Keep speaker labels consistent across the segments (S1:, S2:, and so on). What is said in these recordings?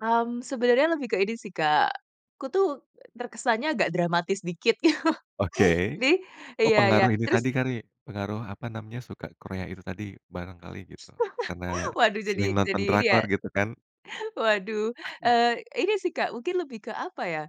S1: Mmm, sebenarnya lebih ke ini sih Kak, aku tuh terkesannya agak dramatis dikit.
S2: Oke,
S1: Jadi
S2: oh
S1: iya iya,
S2: pengaruh ini tadi
S1: terus?
S2: kali, pengaruh apa namanya, suka Korea itu tadi barangkali gitu, karena
S1: waduh
S2: sering
S1: jadi
S2: nonton
S1: jadi ini ya,
S2: drakor gitu kan?
S1: waduh,
S2: Mmm.
S1: eee, ini sih Kak mungkin lebih ke apa ya,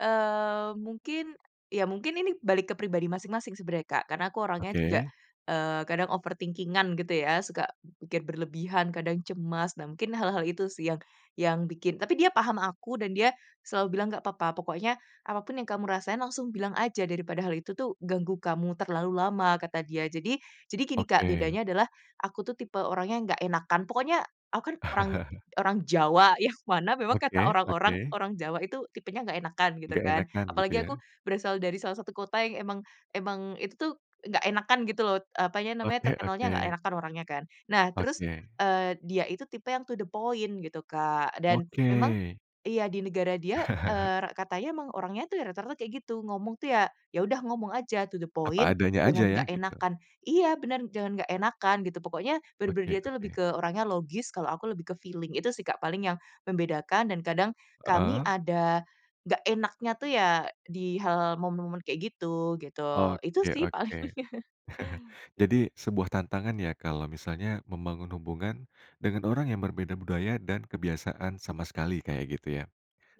S1: eee, mungkin, iya mungkin ini balik ke pribadi masing-masing sebenarnya Kak, karena aku orangnya juga,
S2: Oke.
S1: eee, kadang overthinking-an gitu ya, suka mungkin berlebihan, kadang cemas. Nah mungkin hal-hal itu sih yang, yang bikin tapi dia paham aku, dan dia selalu bilang nggak apa-apa, pokoknya apapun yang kamu rasain langsung bilang aja daripada hal itu tuh ganggu kamu terlalu lama kata dia. Jadi jadi gini Kak,
S2: Oke.
S1: bedanya adalah aku tuh tipe orangnya nggak enakan pokoknya aku kan orang orang Jawa, yang mana memang kata
S2: Oke
S1: orang-orang,
S2: oke.
S1: orang Jawa itu tipenya nggak enakan, gitu
S2: Nggak
S1: kan.
S2: enakan gitu
S1: Apalagi aku
S2: ya?
S1: berasal dari salah satu kota yang emang emang itu tuh nggak enakan gitu loh, eee, apanya namanya,
S2: Oke
S1: terkenal nggak
S2: oke.
S1: enakan orangnya kan. Nah terus,
S2: Oke.
S1: eee, dia itu tipe yang to the point, gitu Kak. Dan, memang
S2: Oke.
S1: iya di negara dia, eee, re katanya emang orangnya tuh rata-rata kayak gitu. Ngomong tuh ya, ya udah ngomong aja to the
S2: Apa
S1: point,
S2: adanya aja
S1: jangan
S2: ya,
S1: nggak
S2: gitu.
S1: enakan. Iya benar, jangan nggak enakan gitu, pokoknya benar-benar
S2: Oke
S1: dia itu lebih
S2: oke.
S1: ke orangnya logis, kalau aku lebih ke feeling itu sih Kak paling yang membedakan, dan kadang kami
S2: Heeh.
S1: ada enggak enaknya tuh ya, di hal-hal momen-momen kayak gitu gitu. Itu sih paling.
S2: Oke-oke. Jadi, sebuah tantangan ya, kalau misalnya membangun hubungan dengan orang yang berbeda budaya dan kebiasaan sama sekali, kayak gitu ya?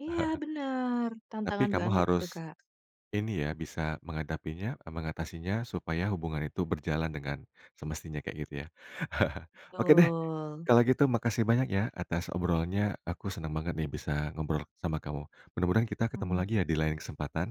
S1: Iya benar,
S2: Tapi
S1: tantangan
S2: kamu
S1: banget itu,
S2: harus,
S1: Kak.
S2: ini ya, bisa menghadapinya, e mengatasinya, supaya hubungan itu berjalan, dengan semestinya kayak gitu ya? Oke deh,
S1: Betul.
S2: kalau gitu makasih banyak ya atas obrolannya, aku senang banget nih bisa ngobrol sama kamu. Mudah mudahan kita ketemu
S1: Mmm.
S2: lagi ya di lain kesempatan.